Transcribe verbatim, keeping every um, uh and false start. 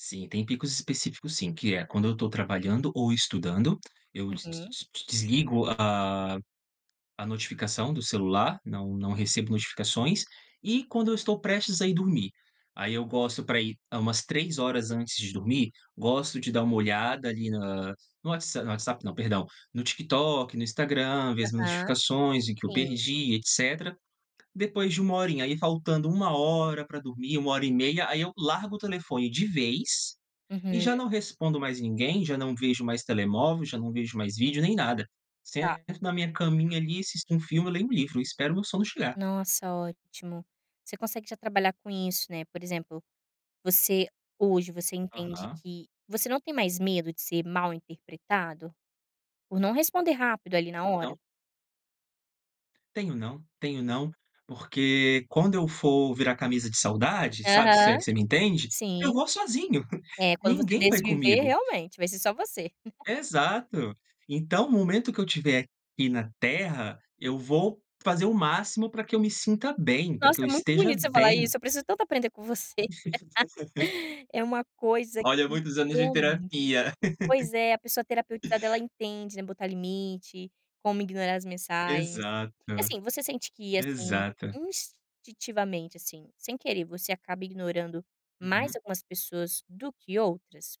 Sim, tem picos específicos sim, que é quando eu estou trabalhando ou estudando, eu d d Uhum. d d desligo a a notificação do celular, não não recebo notificações, e quando eu estou prestes a ir dormir. Aí eu gosto para ir hã, umas três horas antes de dormir, gosto de dar uma olhada, ali, na no whatsa no WhatsApp não, perdão. No TikTok, no Instagram, ver as Aham. notificações em que eu Sim. perdi, etcétera. Depois de uma horinha, aí faltando uma hora para dormir, uma hora e meia, aí eu largo o telefone de vez e já não Uhum. respondo mais ninguém, já não vejo mais telemóvel, já não vejo mais vídeo, nem nada. Tá. Sento na minha caminha, ali, assisto um filme, leio um livro, e espero meu sono chegar. Nossa, ótimo. Você consegue já trabalhar com isso, né, por exemplo, você hoje você entende Aham. que você não tem mais medo de ser mal-interpretado por não responder rápido, ali, na Então hora? Tenho não. Tenho não, porque quando eu for virar camisa de saudade, sabe, se é Aham. que você me entende, eu Sim. vou sozinho, É, quando você ninguém vai desviver, comigo. realmente, vai ser só você. Exato. Então o momento que eu tiver aqui na Terra, eu vou fazer o máximo para que eu me sinta bem, para Nossa, que eu muito esteja bonito você falar bem. isso, eu preciso tanto aprender com você. É uma coisa Olha, que muitos anos de realmente. terapia. Pois é, a pessoa terapeutizada ela entende, né, botar limite, como ignorar as mensagens. E Exato. assim, você sente que, assim, Exato. institivamente, assim, sem querer, você acaba ignorando mais Uhum. algumas pessoas do que outras?